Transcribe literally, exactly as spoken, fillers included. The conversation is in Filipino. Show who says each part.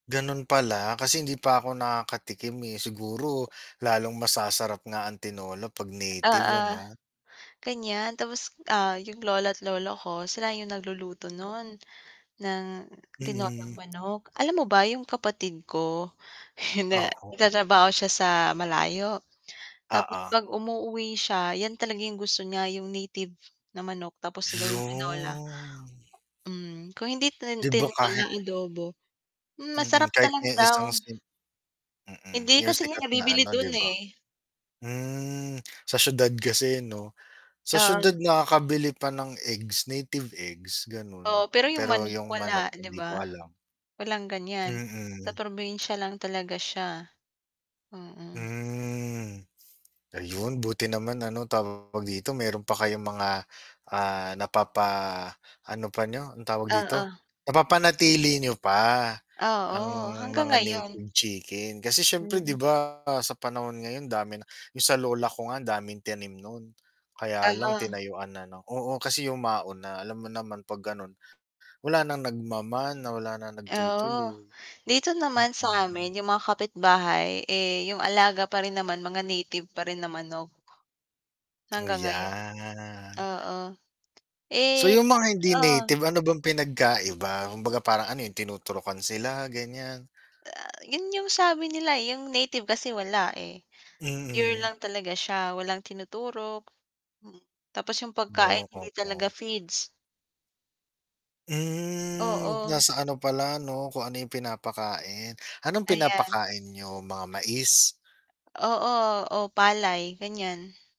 Speaker 1: Gano'n pala, kasi hindi pa ako nakakatikim, eh. Siguro, lalong mas sasarap nga tinola 'pag
Speaker 2: Oo.
Speaker 1: native ano?
Speaker 2: Ganiyan, tapos, ah, yung lola't lolo ko sila yung nagluluto no'n, ng tinolang
Speaker 1: Mm.
Speaker 2: manok. Alam mo ba yung kapatid ko na nag
Speaker 1: Oo.
Speaker 2: tatrabaho siya sa malayo, tapos
Speaker 1: Oo.
Speaker 2: 'pag umuuwi siya yan talaga yung gusto niya yung native na manok tapos gawing tinola.
Speaker 1: 'Yon.
Speaker 2: Hmm, kung hindi tin
Speaker 1: 'Di ba, kahit
Speaker 2: tinola, adobo. Hmm,
Speaker 1: Mm,
Speaker 2: masarap
Speaker 1: kahit
Speaker 2: talaga
Speaker 1: ni
Speaker 2: daw.
Speaker 1: isang sim Mm,
Speaker 2: Hindi,
Speaker 1: yung
Speaker 2: kasi nga
Speaker 1: sikat na
Speaker 2: nabibili
Speaker 1: ano 'di
Speaker 2: do'n,
Speaker 1: ba?
Speaker 2: eh.
Speaker 1: Hmm, sa siyudad kasi 'no? Sa siyudad
Speaker 2: Oo.
Speaker 1: nakakabili pa ng eggs, native eggs gano'n.
Speaker 2: Oo, pero yung
Speaker 1: Pero
Speaker 2: manik,
Speaker 1: yung manok
Speaker 2: wala 'di
Speaker 1: hindi ko
Speaker 2: ba?
Speaker 1: alam.
Speaker 2: Walang ganyan, sa
Speaker 1: Mm.
Speaker 2: probinsya lang talaga siya. Mm.
Speaker 1: Hmm, ayun buti naman ano tawag dito, mayro'n pa kayong mga, ah, napapaano pa n'yo, ang tawag dito?
Speaker 2: Oo.
Speaker 1: Napapanatili niyo pa, ang
Speaker 2: Oo, hanggang
Speaker 1: mga
Speaker 2: ngayon.
Speaker 1: native chicken, kasi siyempre 'di
Speaker 2: Mm.
Speaker 1: ba sa panahon ngayon dami na yung sa lola ko nga ang daming tinim no'n kaya lang
Speaker 2: Oo.
Speaker 1: tinayuan na ng oo, kasi yumao na, alam mo naman 'pag gano'n, wala nang nagmamana, wala nang
Speaker 2: Oo,
Speaker 1: nagtutuloy.
Speaker 2: dito naman
Speaker 1: Mm.
Speaker 2: sa'min yung mga kapitbahay, eh, yung alaga pa rin naman mga native pa rin na manok. Hanggang ngayon.
Speaker 1: Yan.
Speaker 2: Oo.
Speaker 1: So
Speaker 2: Eh,
Speaker 1: yung mga hindi
Speaker 2: [unintelligible]
Speaker 1: native, ano bang pinagkaiba? Kumbaga parang ano 'yun tinuturukan sila, ganiyan?
Speaker 2: Ah, 'yun yung sabi nila, eh, yung native kasi wala, eh. Pure
Speaker 1: Mm.
Speaker 2: lang talaga siya walang tinuturok, hmm, tapos yung pagkain
Speaker 1: 'No,
Speaker 2: hindi talaga
Speaker 1: oo.
Speaker 2: feeds.
Speaker 1: Hmm,
Speaker 2: Oo.
Speaker 1: nasa ano pala 'no, kung ano yung pinapakain. Anong
Speaker 2: Ayan.
Speaker 1: pinapakain niyo mga mais?
Speaker 2: Oo, o palay ganiyan.